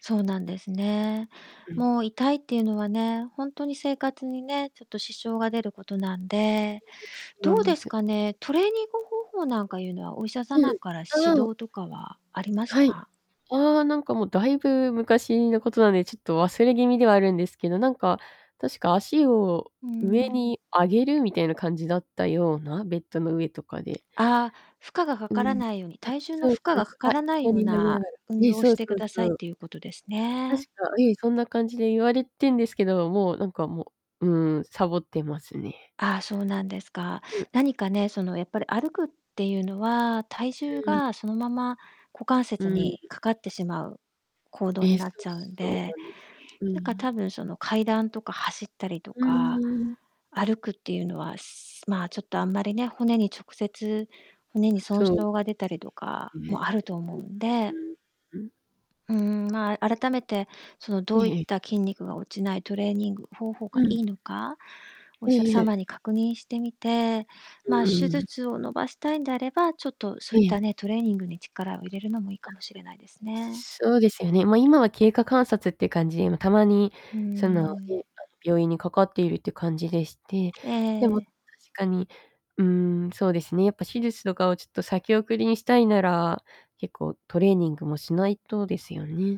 そうなんですね。うん。もう痛いっていうのはね、ほんとに生活にね、ちょっと支障が出ることなんで。などんうでですす。かね、トレーニング方法なんかいうのは、お医者う様ん。から指うん。導とかはありましはい、た？ああ、なんかもうだいぶ昔のことなんで、ちょっと忘れ気味ではあるんですけど、なんか確か足を、うー上ん。に上げるみたいな感じだったような、ベッドの上とかで。ああ、負荷がかうからん。ないように、あ、体重のそう負そ荷うがそう、かあ、からない横ようになりなながら。運ええ、動をそしうてそくうだそさいっう。ていうことです確ね。か、ええ、そんな感じで言われてんですけど、もうなんかもう、うーん、さぼってますね。ああ、そうなんですか。うん。何かね、そのやっぱり歩くっていうのは、体重うーん。がそのまま股関う節ん。にかかってしまう、行動え、になっそうちゃうんそうで。なんです。うなんかん。多分その階段とか走ったりとうか、ーん。歩くっていうのはすまあちょっとあんまりね、骨に直接、骨に損そう傷が出たりとでかすね。ね、もあると思うんうで。ん、うーん、うん。うーん、まあ、あ改めて、そのえどういえっええ。た筋肉が落ちないトレーニング方法がうん。いいのか、おえ医者ええ様え。に確認してみて、うまあ、手ーん。術を伸ばしたいんであれば、ちょっとそえういっえ。たね、トレーニングに力を入れあ、るのもいいかもしれないですね。そうですよね、ま、今は経過観察っていう感じで、たまに、うーその、ね、あのん。病院にかかっているっていう感じでして、でも、確ええ。かに、うーん、そうですね、やっぱ手術とかをちょっと先送りにしたいなら、結構トレーニングもしないとですよね。